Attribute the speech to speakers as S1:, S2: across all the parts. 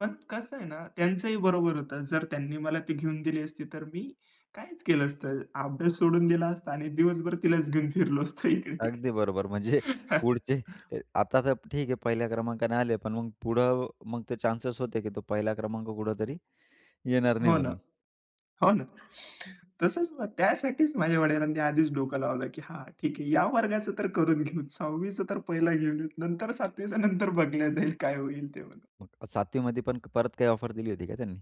S1: पण कसं आहे ना, त्यांचंही बरोबर होतं. जर त्यांनी मला ती घेऊन दिली असती, तर मी काहीच केलं असतं. अभ्यास सोडून दिला असता आणि दिवसभर तिलाच घेऊन फिरलो असतो
S2: अगदी
S1: इकडे-तिकडे.
S2: बरोबर, म्हणजे पुढचे आता तर ठीक आहे, पहिल्या क्रमांकाने आले, पण मग पुढं मग ते चान्सेस होते की तो पहिला क्रमांक कुठेतरी येणार नाही
S1: हो ना.
S2: म्हणून.
S1: हो ना. तसंच ना, त्यासाठीच माझ्या वडिलांनी आधीच डोकं लावलं की "हां, ठीक आहे, या वर्गाचं तर करून घेऊ, 6वी चं तर पहिलं घेऊन घेऊ नंतर 7वी चं नंतर बघल्या जाईल काय होईल ते."
S2: 7वी मध्ये पण परत काही ऑफर दिली होती का त्यांनी?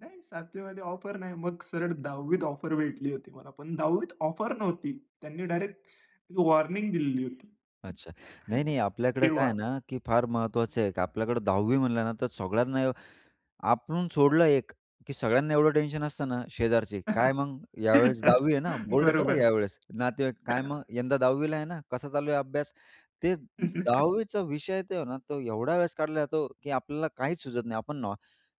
S1: नाही, 7वी मध्ये ऑफर नाही. मग सरळ 10वी त ऑफर भेटली होती मला, पण 10वी त ऑफर नव्हती. त्यांनी डायरेक्ट वॉर्निंग दिलेली होती
S2: अच्छा. नाही, नाही, आपल्याकडे काय
S1: तेव्हा.
S2: आहे ना, की फार महत्वाचं आहे. आपल्याकडे 10वी म्हणलं ना, तर सगळ्यांना आपण सोडलं एक, की सगळ्यांना एवढं टेन्शन असतं ना, शेजारचे, "काय मग यावेळेस 10वी आहे ना, बोर्ड आहे बरं
S1: बरोबर.
S2: यावेळेस." नातेवाईक, "काय मग यंदा 10वी ला आहे ना, कसा चालू आहे अभ्यास?" ते 10वी चा विषय आहे तो ना, तो एवढा वेळेस काढला जातो, की आपल्याला काहीच सुचत नाही. आपण न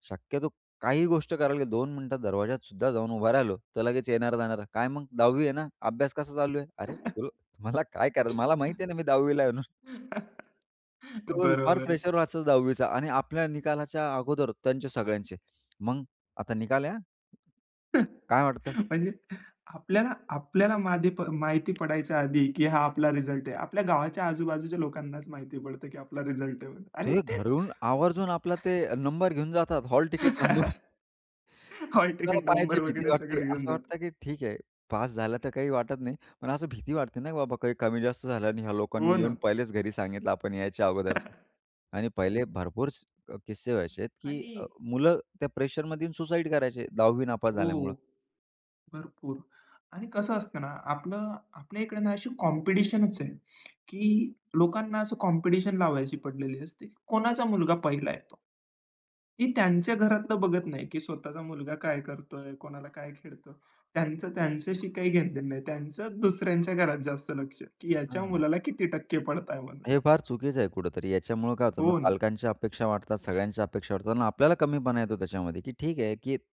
S2: शक्यतो काही गोष्ट करायला दोन मिनिटं दरवाज्यातसुद्धा जाऊन उभा राहिलो, तर लगेच येणारे-जाणारे, "काय मग 10वी आहे ना, अभ्यास कसा चालू आहे?" अरे, तुला तुम्हाला काय करायचं, मला माहीत आहे ना, मी 10वी ला आहे म्हणून. केवल फार
S1: बरोबरच.
S2: प्रेशर असतं 10वी चा आणि आपल्या निकालाच्या अगोदर त्यांचे सगळ्यांचे. मग आता निकाल आहे हं. काय वाटतं?
S1: म्हणजे आपल्याला आपल्याला माहित प माहिती पडायच्या आधी, की हा आपला रिझल्ट आहे. आपल्या गावाच्या आजूबाजूच्या लोकांनाच माहिती पडतं की आपला रिझल्ट आहे आणि
S2: ते
S1: तेच
S2: घरून आवर्जून आपला ते नंबर घेऊन जातात. Hall ticket number. [unintelligible] आपल्याला
S1: हॉलतिकिट
S2: पाहायची
S1: नंबर
S2: भीती
S1: वगैरे
S2: वाटते.
S1: सगळं घेऊन
S2: असं वाटतं
S1: जातो.
S2: की ठीक आहे पास झालं तर काही वाटत नाही, पण असं भीती वाटते ना, बाबा काही कमी जास्त झालं आणि ह्या
S1: हो
S2: लोकांनी येऊन
S1: ना.
S2: पहिलेच घरी सांगितलं आपण यायच्या अगोदर आणि पहिले भरपूर स किस्से व्हायचेत, की अ,
S1: आणि
S2: मुलं त्या प्रेशरमध्ये येऊन सुसाईड करायचे 10वी नापास झाल्यामुळे.
S1: हो. भरपूर. आणि कसं असतं ना, आपलं आपल्या इकडे अशी कॉम्पिटिशनच आहे, की लोकांना असं कॉम्पिटिशन लावायची पडलेली असते. कोणाचा मुलगा पहिला येतो. की त्यांच्या घरातलं बघत नाही की स्वतःचा मुलगा काय करतोय, कोणाला काय खेळतोय. त्यांचं त्यांच्याशी काही घेणदेणं नाही. त्यांचं दुसऱ्यांच्या घरात जास्त लक्ष आहे की ह्याच्या
S2: हां.
S1: मुलाला किती टक्के पडताय म्हणून.
S2: हे फार चुकीचं आहे कुठेतरी. याच्यामुळं काय होत ना,
S1: हो ना.
S2: पालकांच्या अपेक्षा वाढतात, सगळ्यांच्या अपेक्षा वाढतात आणि आपल्याला कमीपणा येतो त्याच्यामध्ये की ठीक आहे, की